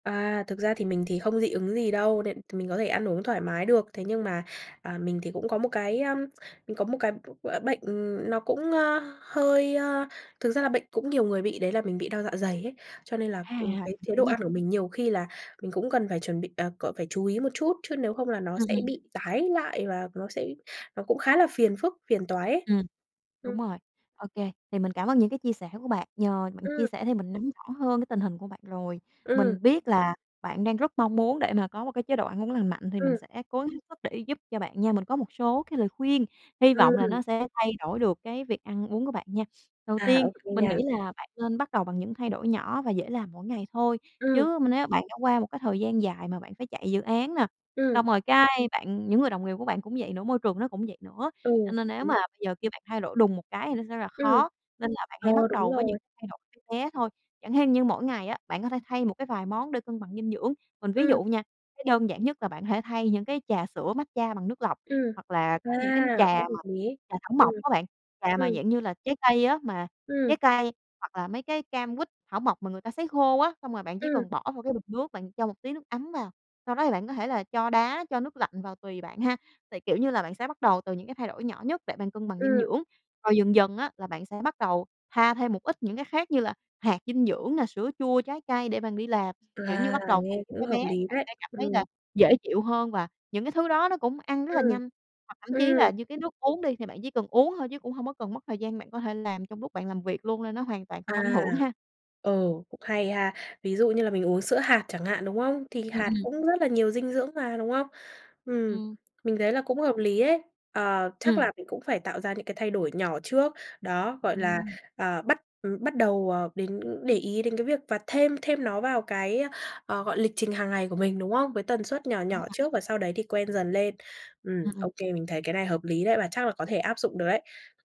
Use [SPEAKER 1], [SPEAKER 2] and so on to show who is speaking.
[SPEAKER 1] À, thực ra thì mình thì không dị ứng gì đâu đên thì mình có thể ăn uống thoải mái được. Thế nhưng mà, à, mình thì cũng có một cái á, mình có một cái b gọi là, bệnh, ừm, nó cũng, a, hơi a, thực ra là bệnh cũng nhiều người bị, đấy là mình bị đau dạ dày ấy. Cho nên là,
[SPEAKER 2] À!
[SPEAKER 1] ừm, cái
[SPEAKER 2] [unintelligible]
[SPEAKER 1] chế
[SPEAKER 2] hiểu
[SPEAKER 1] độ
[SPEAKER 2] nha.
[SPEAKER 1] ăn của mình nhiều khi là mình cũng cần phải chuẩn bị, à, c phải chú ý một chút, chứ nếu không là nó
[SPEAKER 2] Ừm,
[SPEAKER 1] sẽ
[SPEAKER 2] ừm.
[SPEAKER 1] bị tái lại và nó sẽ nó cũng khá là phiền phức, phiền toái ấy.
[SPEAKER 2] Ừm.
[SPEAKER 1] Ừm.
[SPEAKER 2] Đúng rồi, ô kê. Thì mình cảm ơn những cái chia sẻ của bạn, nhờ bạn chia
[SPEAKER 1] Ừm.
[SPEAKER 2] sẻ thì mình nắm rõ hơn cái tình hình của bạn rồi.
[SPEAKER 1] Ừm.
[SPEAKER 2] Mình biết là bạn đang rất mong muốn để mà có một cái chế độ ăn uống lành mạnh, thì mình
[SPEAKER 1] Ừm.
[SPEAKER 2] sẽ cố gắng hết sức để giúp cho bạn nha. Mình có một số cái lời khuyên, hy vọng là
[SPEAKER 1] Ừm.
[SPEAKER 2] nó sẽ thay đổi được cái việc ăn uống của bạn nha. Đầu
[SPEAKER 1] À,
[SPEAKER 2] tiên
[SPEAKER 1] OK
[SPEAKER 2] mình
[SPEAKER 1] nha.
[SPEAKER 2] nghĩ là bạn nên bắt đầu bằng những thay đổi nhỏ và dễ làm mỗi ngày thôi,
[SPEAKER 1] Ừm.
[SPEAKER 2] chứ m nếu bạn đã qua một cái thời gian dài mà bạn phải chạy dự án nè,
[SPEAKER 1] Ừm.
[SPEAKER 2] xong rồi cái bạn những người đồng nghiệp của bạn cũng vậy nữa, môi trường nó cũng vậy nữa,
[SPEAKER 1] Ừ,
[SPEAKER 2] cho nên nếu
[SPEAKER 1] đúng.
[SPEAKER 2] mà bây giờ kêu bạn thay đổi đùng một cái thì nó sẽ là
[SPEAKER 1] Ừm,
[SPEAKER 2] khó. Nên là bạn
[SPEAKER 1] ờ,
[SPEAKER 2] hãy bắt
[SPEAKER 1] đúng
[SPEAKER 2] đầu với những
[SPEAKER 1] rồi.
[SPEAKER 2] thay đổi bé bé thôi, chẳng hên như mỗi ngày á, bạn có thể thay một cái vài món để cân bằng dinh dưỡng. Mình ví
[SPEAKER 1] Ừm.
[SPEAKER 2] dụ nha, cái đơn giản nhất là bạn hãy thay những cái trà sữa matcha bằng nước lọc,
[SPEAKER 1] Ừm.
[SPEAKER 2] hoặc là
[SPEAKER 1] À!
[SPEAKER 2] có những cái trà
[SPEAKER 1] Rất hợp
[SPEAKER 2] mà
[SPEAKER 1] lý.
[SPEAKER 2] trà thảo
[SPEAKER 1] Ừm.
[SPEAKER 2] mộc á bạn, trà mà,
[SPEAKER 1] Ừm.
[SPEAKER 2] dạng như là, trái cây á, mà
[SPEAKER 1] Ừm.
[SPEAKER 2] trái cây hoặc là mấy cái cam, quýt, thảo mộc mà người ta sấy khô á. Xong rồi bạn chỉ
[SPEAKER 1] Ừm.
[SPEAKER 2] cần bỏ vô cái bình nước, bạn cho một tí nước ấm vào, sau đó thì bạn có thể là cho đá, cho nước lạnh vào tùy bạn ha. Tại, kiểu như là, bạn sẽ bắt đầu từ những cái thay đổi nhỏ nhất để bạn cân bằng dinh
[SPEAKER 1] Ừm.
[SPEAKER 2] dưỡng, rồi dần dần á là bạn sẽ bắt đầu pha thêm một ít những cái khác như là hạt dinh dưỡng nè, sữa chua trái cây để bạn đi làm, kiểu như,
[SPEAKER 1] À,
[SPEAKER 2] bắt đầu bằng
[SPEAKER 1] nghe
[SPEAKER 2] thứ
[SPEAKER 1] cũng
[SPEAKER 2] bé
[SPEAKER 1] hợp
[SPEAKER 2] bé,
[SPEAKER 1] lý
[SPEAKER 2] bạn
[SPEAKER 1] đấy.
[SPEAKER 2] sẽ cảm thấy
[SPEAKER 1] Ừm.
[SPEAKER 2] là dễ chịu hơn và những cái thứ đó nó cũng ăn rất là
[SPEAKER 1] Ừm,
[SPEAKER 2] nhanh. Hoặc thậm chí là
[SPEAKER 1] ừm.
[SPEAKER 2] như cái nước uống đi, thì bạn chỉ cần uống thôi chứ cũng hông có cần mất thời gian, bạn có thể làm trong lúc bạn làm việc luôn nên nó hoàn toàn không ảnh
[SPEAKER 1] À,
[SPEAKER 2] hưởng ha.
[SPEAKER 1] ờ, cũng hay ha. Ví dụ như là mình uống sữa hạt chẳng hạn, đúng không? Thì
[SPEAKER 2] Ừm,
[SPEAKER 1] hạt
[SPEAKER 2] ừm.
[SPEAKER 1] cũng rất là nhiều dinh dưỡng mà, đúng không? Ừm,
[SPEAKER 2] Ừm.
[SPEAKER 1] mình thấy là cũng hợp lý ấy! À, chắc
[SPEAKER 2] Ừm.
[SPEAKER 1] là mình cũng phải tạo ra những cái thay đổi nhỏ trước, đó, gọi là,
[SPEAKER 2] Ừm.
[SPEAKER 1] ờ, bắt, ừm, bắt đầu, ờ, đến để ý đến cái việc và thêm thêm nó vào cái, ơ, ờ, gọi, lịch trình hàng ngày của mình, đúng không? Với tần suất nhỏ
[SPEAKER 2] Đúng
[SPEAKER 1] nhỏ
[SPEAKER 2] rồi.
[SPEAKER 1] trước, và sau đấy thì quen dần lên. Ừm,
[SPEAKER 2] Ừm, ừm.
[SPEAKER 1] ô kê, mình thấy cái này hợp lý đấy, và chắc là có thể áp dụng được đấy.